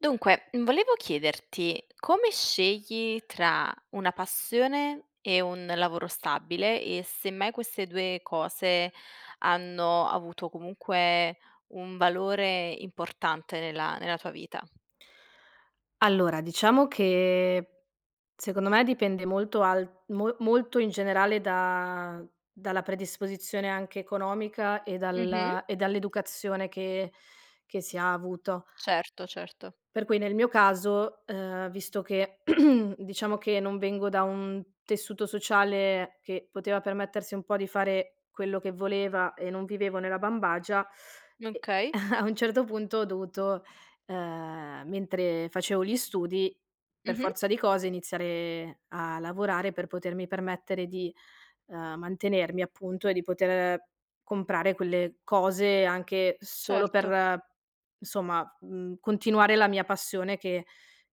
Dunque, volevo chiederti come scegli tra una passione e un lavoro stabile e se mai queste 2 cose hanno avuto comunque un valore importante nella nella tua vita? Allora, diciamo che secondo me dipende molto al mo molto in generale da dalla predisposizione anche economica e Mh-mh. dal e dall'educazione che che si ha avuto. Certo, certo. Per cui nel mio caso, uhm, visto che, diciamo che non vengo da un tessuto sociale che poteva permettersi un po' di fare quello che voleva, e non vivevo nella bambagia, e Okay. a un certo punto ho dovuto, ehm, mentre facevo gli studi, per Mh-mh. forza di cose, iniziare a lavorare per potermi permettere di, uhm, mantenermi appunto, e di poter comprare quelle cose, anche solo Certo. per, insomma, mhmm, continuare la mia passione che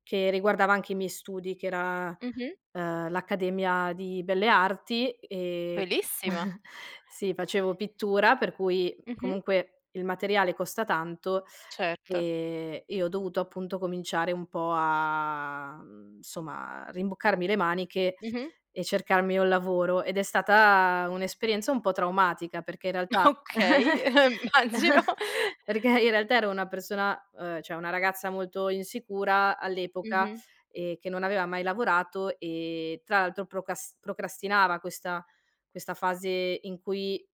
che riguardava anche i miei studi, che era, Mh-mh. uhm, l'accademia di belle arti e Bellissima. sì facevo pittura per cui Mh-mh. comunque il materiale costa tanto, Certo. ehm, e ho dovuto appunto cominciare un po' a mhmm, somma, a rimboccarmi le maniche Mh-mh. e cercarmi un lavoro ed è stata un'esperienza un po' traumatica. Perché in realtà Okay, uhm, immagino. perché in realtà ero una persona, uhm, cioè una ragazza molto insicura all'epoca, Mh-mh. ehm, che non aveva mai lavorato e tra l'altro procas procrastinava questa questa fase in cui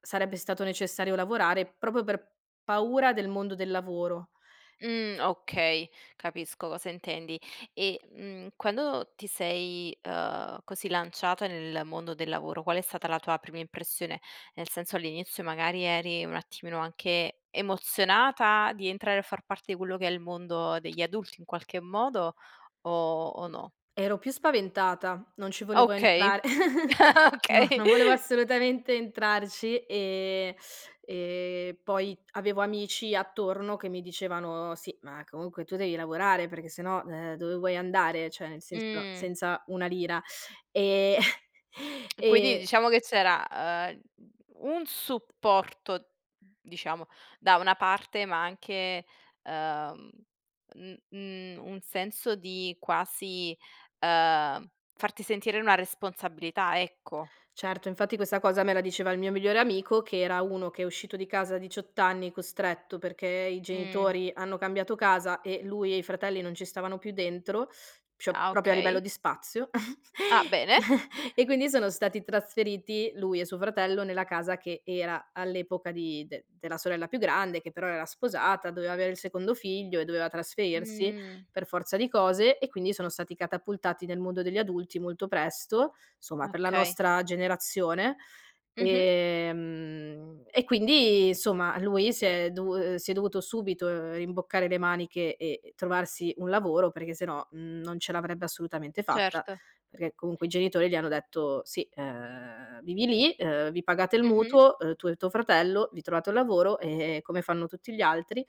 sarebbe stato necessario lavorare, proprio per paura del mondo del lavoro. Mh, okay capisco cosa intendi e, mhmm, quando ti sei, uhm, così lanciata nel mondo del lavoro, qual è stata la tua prima impressione? Nel senso, all'inizio magari eri un attimino anche emozionata di entrare a far parte di quello che è il mondo degli adulti in qualche modo o o no? Ero più spaventata. Non ci volevo Okay. entrar no, Okay. non volevo assolutamente entrarci e e poi avevo amici attorno che mi dicevano: "Sì ma comunque tu devi lavorare perché se no, ehm, dove vuoi andare? Cioè, nel senso, Mh. senza una lira", e E quindi e diciamo che c'era, uhm, un supporto diciamo, da una parte ma anche, uhm, mhmm, mhmm, un senso di quasi, uhm, farti sentire una responsabilità, ecco. Certo, infatti questa cosa me la diceva il mio migliore amico, che era uno che è uscito di casa a 18 anni costretto, perché i Mh. genitori hanno cambiato casa e lui e i fratelli non ci stavano più dentro, cio Ah proprio a livello okay. di spazio Ah bene. e quindi sono stati trasferiti, lui e suo fratello, nella casa che era all'epoca di de della sorella più grande che però era sposata, doveva avere il secondo figlio e doveva trasferirsi Mh. per forza di cose e quindi sono stati catapultati nel mondo degli adulti molto presto, somma, per la Okay. nostra generazione. Mh-mh. Ehm, e quindi somma lui si è dovu si è dovuto subito rimboccare le maniche e trovarsi un lavoro, perché se no, mhmm, non ce l'avrebbe assolutamente fatta. Certo. Perché comunque i genitori gli hanno detto: "Sì, ehm, vivi lì, ehm, vi pagate il Mh-mh. mutuo, uhm, tu e tuo fratello, vi trovate un lavoro, ehm, come fanno tutti gli altri",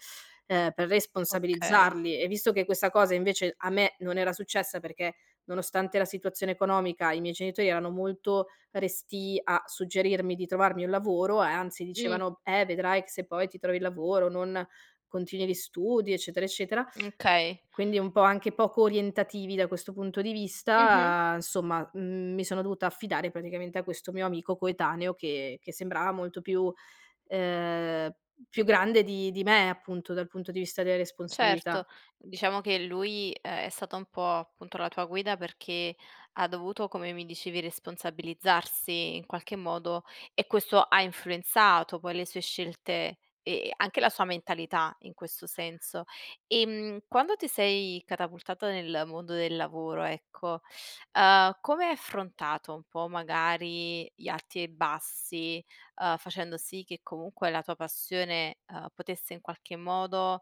ehm, per Okay. responsabilizzarli e visto che questa cosa invece a me non era successa, perché nonostante la situazione economica i miei genitori erano molto restii a suggerirmi di trovarmi un lavoro e anzi, Mh. dicevano: "Eh, vedrai che se poi ti trovi il lavoro non continui gli studi", eccetera, eccetera. Mh okay. Quindi un po' anche poco orientativi da questo punto di Mh-mh. vista, insomma, mhmm, mi sono dovuta affidare praticamente a questo mio amico coetaneo che che sembrava molto più ehm, più grande di di me appunto, dal punto di vista delle Certo, responsabilità. diciamo che lui è stata un po' appunto la tua guida, perché ha dovuto, come mi dicevi, responsabilizzarsi in qualche modo e questo ha influenzato poi le sue scelte e anche la sua mentalità in questo senso. Ehm, quando ti sei catapultata nel mondo del lavoro, ecco, uhm, come hai affrontato, un po', magari gli arti e i bassi, ehm, facendo sì che comunque la tua passione, uhm, potesse in qualche modo,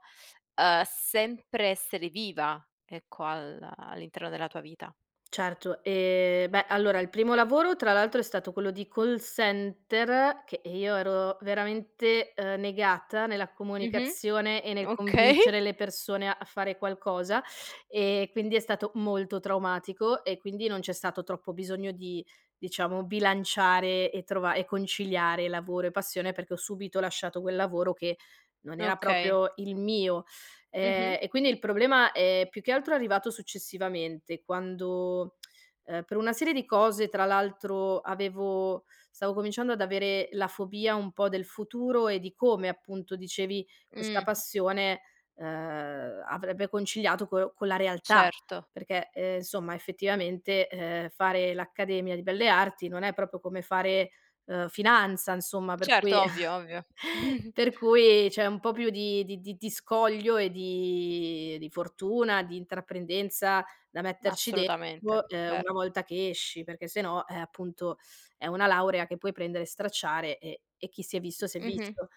uhm, sempre essere viva, ecco al all'interno della tua vita? Certo. Ehm, beh allora il primo lavoro tra l'altro è stato quello di call center, che, ehm, io ero veramente, ehm, negata nella Mh-mh comunicazione e nel okay. convincere le persone a fare qualcosa e quindi è stato molto traumatico e quindi non c'è stato troppo bisogno di, diciamo bilanciare e trova e conciliare lavoro e passione, perché ho subito lasciato quel lavoro che non era Okay. proprio il mio. Ehm, Mh-mh. e quindi il problema è più che altro arrivato successivamente, quando, ehm, per una serie di cose, tra l'altro avevo stavo cominciando ad avere la fobia un po' del futuro e di come appunto dicevi questa Mh. passione, uhm, avrebbe conciliato co con la realtà. Certo. Perché, ehm, insomma effettivamente, ehm, fare l'accademia di belle arti non è proprio come fare, uhm, finanza insomma per Certo, cui ovvio, ovvio. per cui c'è un po' più di di di di scoglio e di di fortuna, di intraprendenza da Ma metterci assolutamente, dentro, ehm, ver una volta che esci, perché sennò, eh, appunto è una laurea che puoi prendere e stracciare e e chi si è visto s'è Mh-mh. visto,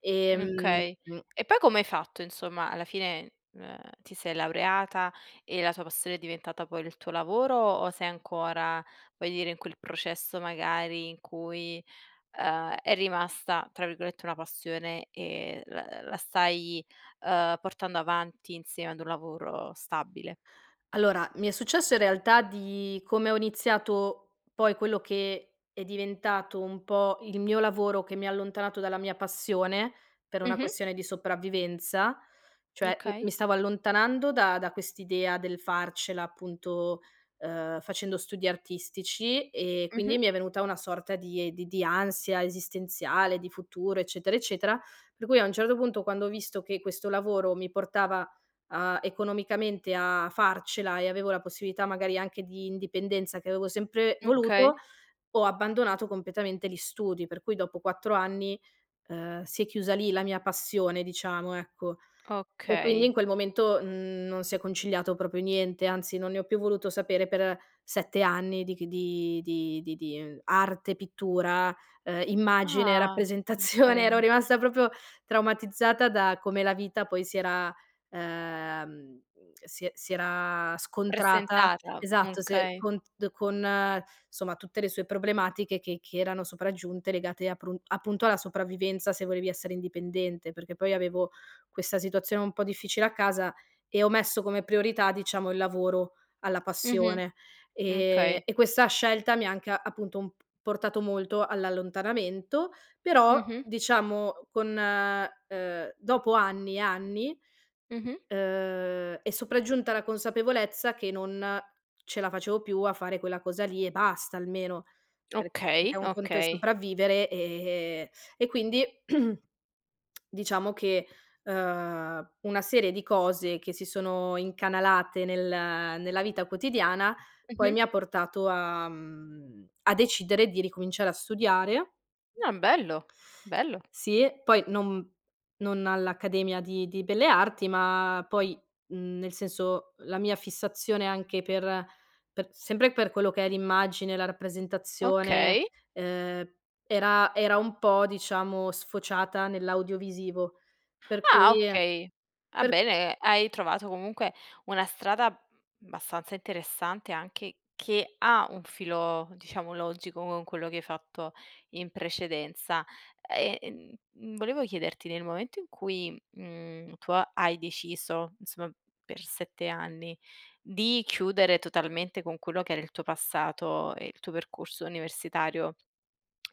ehm Okay. E poi come hai fatto, insomma alla fine, uhm, ti sei laureata e la tua passione è diventata poi il tuo lavoro o sei ancora, voglio dire, in quel processo magari in cui, uhm, è rimasta tra virgolette, "una passione" e la l la stai, uhm, portando avanti insieme ad un lavoro stabile? Allora, mi è successo in realtà di, come ho iniziato poi quello che è diventato un po' il mio lavoro, che mi ha allontanato dalla mia passione, per una Mh-mh. questione di sopravvivenza cioè m mi Okay. stavo allontanando da da quest'idea del farcela, appunto, ehm, facendo studi artistici e quindi Mh-mh. mi è venuta una sorta di di di ansia esistenziale, di futuro, eccetera, eccetera. Per cui a un certo punto, quando ho visto che questo lavoro mi portava a economicamente a farcela e avevo la possibilità magari anche di indipendenza, che avevo sempre Okay. voluto, ho abbandonato completamente gli studi. Per cui dopo 4 anni, ehm, si è chiusa lì la mia passione diciamo, ecco. E quindi in Okay. quel momento, mhmm, non si è conciliato proprio niente, anzi non ne ho più voluto sapere per 7 anni di c di di di di arte, pittura, ehm, immagine, Ah rappresentazione. Ero okay! rimasta proprio traumatizzata da come la vita poi si era, ehm, si e si era scontrata, Presentata, esatto se okay. con d con, somma, tutte le sue problematiche che che erano sopraggiunte legate aprun appunto alla sopravvivenza, se volevi essere indipendente. Perché poi avevo questa situazione un po' difficile a casa e ho messo come priorità, diciamo, il lavoro alla Mh-mh. passione. Ehm, Okay. e questa scelta mi ha anche appunto un p portato molto all'allontanamento. Però Mh-mh. diciamo con, uhm, dopo anni e anni, Mh-mh. uhm, è sopraggiunta la consapevolezza che non ce la facevo più a fare quella cosa lì e basta, almeno, per perché Okay, un conto è okay. sopravvivere, ehm e quindi diciamo che, ehm, una serie di cose che si sono incanalate nel nella vita quotidiana poi Mh-mh. mi ha portato a mhmm, a decidere di ricominciare a studiare Ah bello. Bello. sì, poi non non all'accademia di di belle arti ma poi, mhmm, nel senso, la mia fissazione anche per per sempre per quello che è l'immagine, la rappresentazione, Okay. ehm, era era un po', diciamo sfociata nell'audiovisivo. Per Ah cui okay, va per bene, hai trovato comunque una strada, mhmm, abbastanza interessante anche che ha un filo diciamo logico con quello che hai fatto in precedenza. E, mhmm, volevo chiederti, nel momento in cui, mhmm, tu ha hai deciso, insomma per 7 anni, di chiudere totalmente con quello che era il tuo passato e il tuo percorso universitario,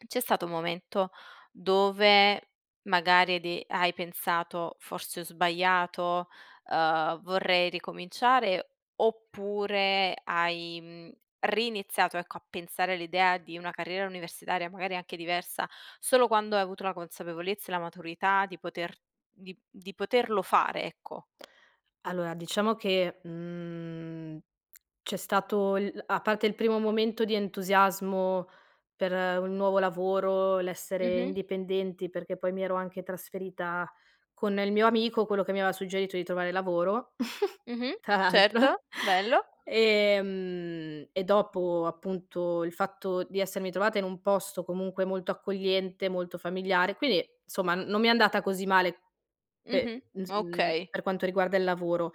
c'è stato un momento dove magari hai de hai pensato: "Forse ho sbagliato, ehm, vorrei ricominciare", oppure hai, mhmm, riniziato ecco, a pensare all'idea di una carriera universitaria magari anche diversa, solo quando hai avuto la consapevolezza e la maturità di poter di di poterlo fare, ecco. Allora, diciamo che, mhmm, c'è stato il a parte il primo momento di entusiasmo per un nuovo lavoro, l'essere Mh-mh. indipendenti, perché poi mi ero anche trasferita con il mio amico, quello che mi aveva suggerito di trovare lavoro, Mh-mh. tra l'altro, Certo. Bello. ehm, e dopo appunto il fatto di essermi trovata in un posto comunque molto accogliente, molto familiare. Quindi insomma, n non mi è andata così male Mh-mh, pe ins mhmm, okay. per quanto riguarda il lavoro.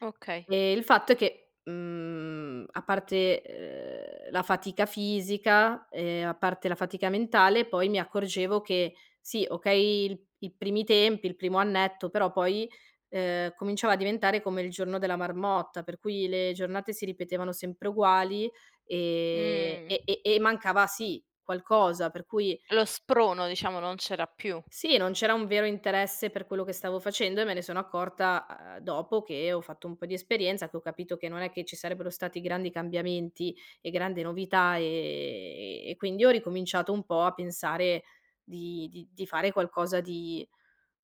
Okay. Uhm, il fatto è che, mhmm, a parte, ehm, la fatica fisica e a parte la fatica mentale poi mi accorgevo che, sì okay il i primi tempi, il primo annetto, però poi, ehm, cominciava a diventare come il giorno della marmotta, per cui le giornate si ripetevano sempre uguali, ehm, Mh. e e e mancava sì, qualcosa, per cui Lo sprono, diciamo non c'era più. Sì, non c'era un vero interesse per quello che stavo facendo e me ne sono accorta, uhm, dopo che ho fatto un po' di esperienza, che ho capito che non è che ci sarebbero stati grandi cambiamenti e grande novità, ehm, e quindi ho ricominciato un po' a pensare di di di fare qualcosa di,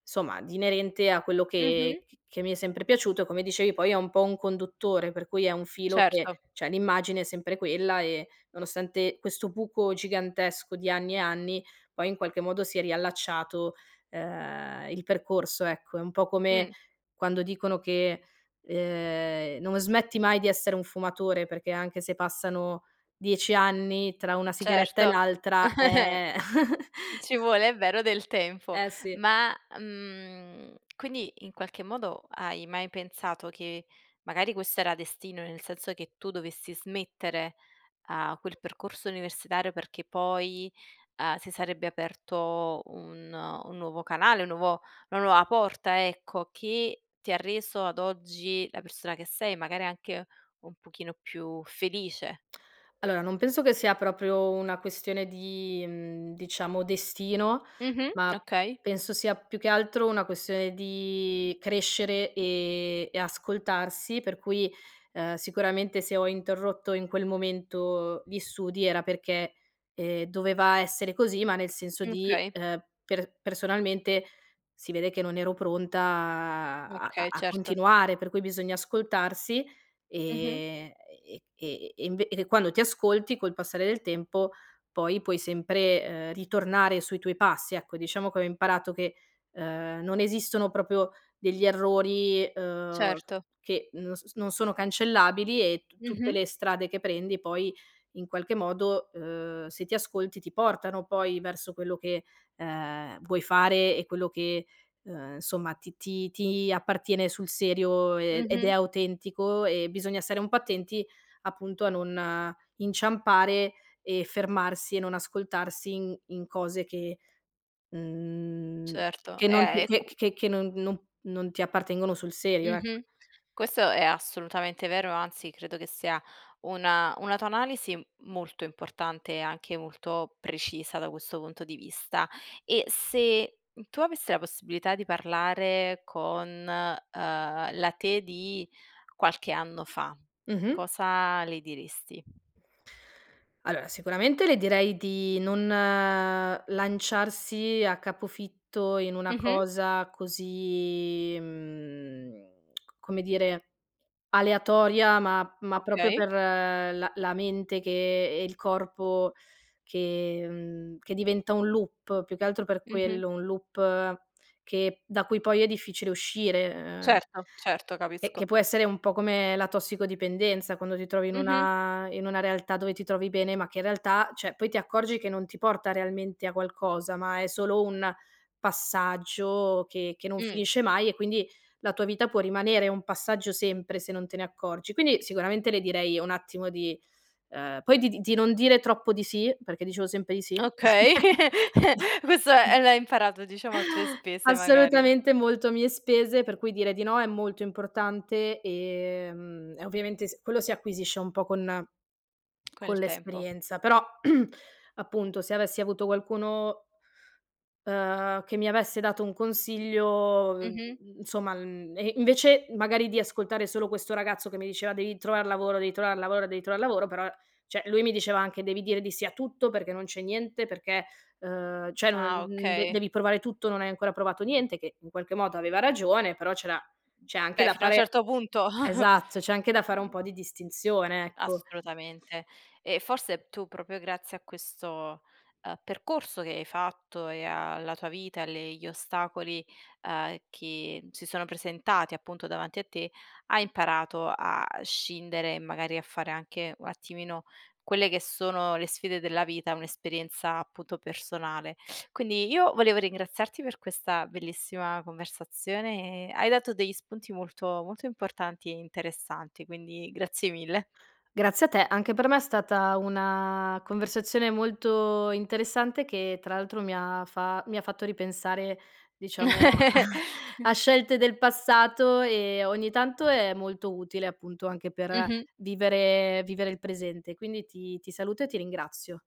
somma di inerente a quello che Mh-mh. c che mi è sempre piaciuto e come dicevi poi è un po' un conduttore, per cui è un filo che, Certo. cioè, l'immagine è sempre quella e nonostante questo buco gigantesco di anni e anni, poi in qualche modo si è riallacciato, ehm, il percorso, ecco. È un po' come Mh. quando dicono che, ehm, non smetti mai di essere un fumatore, perché anche se passano 10 anni, tra una sigaretta e Certo. l'altra, ehm Ci vuole, è vero, del tempo. Eh sì. Ma, mhmm, quindi in qualche modo hai mai pensato che magari questo era destino, nel senso che tu dovessi smettere a quel percorso universitario perché poi, uhm, si sarebbe aperto un un nuovo canale un nuovo una nuova porta ecco, che ti ha reso ad oggi la persona che sei, magari anche un pochino più felice. Allora, non penso che sia proprio una questione di, mhmm, diciamo destino, Mh-mh. ma Okay. penso sia più che altro una questione di crescere e e ascoltarsi. Per cui, ehm, sicuramente se ho interrotto in quel momento gli studi era perché, ehm, doveva essere così ma nel senso di, Okay. ehm, per personalmente si vede che non ero pronta a a Okay a certo. continuare, per cui bisogna ascoltarsi Mh-mh. e e e e inve e quando ti ascolti, col passare del tempo, poi puoi sempre, ehm, ritornare sui tuoi passi ecco. Diciamo che ho imparato che, ehm, non esistono proprio degli errori, ehm, Certo. che non s non sono cancellabili e tu tutte Mh-mh. le strade che prendi poi in qualche modo, ehm, se ti ascolti ti portano poi verso quello che, ehm, vuoi fare e quello che, ehm, insomma ti ti ti appartiene sul serio, ehm, ed è Mh-mh. autentico e bisogna stare un po' attenti appunto a non inciampare e fermarsi e non ascoltarsi in in cose che, mhmm, Certo. che non Eh è cu che che no non non ti appartengono sul serio, ecco. Mh-mh. Questo è assolutamente vero, anzi credo che sia una una tua analisi molto importante e anche molto precisa da questo punto di vista. E se tu avessi la possibilità di parlare con, ehm, la te di qualche anno fa. Mh-mh. Cosa le diresti? Allora, sicuramente le direi di non lanciarsi a capofitto in una Mh-mh. cosa così, mhmm, come dire, aleatoria, ma ma proprio Okay. per la la mente che e il corpo che, mhmm, che diventa un loop più che altro per Mh-mh. quello, un loop che da cui poi è difficile uscire, uhm Certo, certo, e capisco. che può essere un po' come la tossicodipendenza, quando ti trovi in Mh-mh. una in una realtà dove ti trovi bene ma che in realtà, cioè, poi ti accorgi che non ti porta realmente a qualcosa ma è solo un passaggio che che non Mh. finisce mai e quindi la tua vita può rimanere un passaggio sempre, se non te ne accorgi. Quindi sicuramente le direi un attimo di, uhm, poi di di di non dire troppo di sì, perché dicevo sempre di sì. Okay, questo è l'hai imparato, diciamo a tue spese magari. Assolutamente, molto a mie spese. Per cui dire di no è molto importante, ehm, e ovviamente s quello si acquisisce un po' con Con con il tempo. l'esperienza però, appunto se avessi avuto qualcuno uhm, che mi avesse dato un consiglio, Mh-mh. insomma mhmm, e invece magari di ascoltare solo questo ragazzo che mi diceva: "Devi trovar lavoro, devi trovar lavoro, devi trovar lavoro", però, cioè lui mi diceva anche: "Devi dire di sì a tutto, perché non c'è niente, perché, ehm, cioè non Ah de okay. devi provare tutto, non hai ancora provato niente", che in qualche modo aveva ragione, però c'era c'è anche Beh, da fino a un fare certo punto. esatto, c'è anche da fare un Mh. po' di distinzione, ecco. Assolutamente. E forse tu proprio grazie a questo, ehm, percorso che hai fatto e alla tua vita, e alle gli ostacoli, uhm, che si sono presentati appunto davanti a te hai imparato a scindere, magari a fare anche un attimino quelle che sono le sfide della vita, un'esperienza appunto personale. Quindi io volevo ringraziarti per questa bellissima conversazione. Hai dato degli spunti molto, molto importanti e interessanti, quindi grazie mille. Grazie a te, anche per me è stata una conversazione molto interessante, che tra l'altro mi ha fa mi ha fatto ripensare diciamo a a scelte del passato e ogni tanto è molto utile, appunto, anche per Mh-mh. vivere vivere il presente, quindi ti ti saluto e ti ringrazio.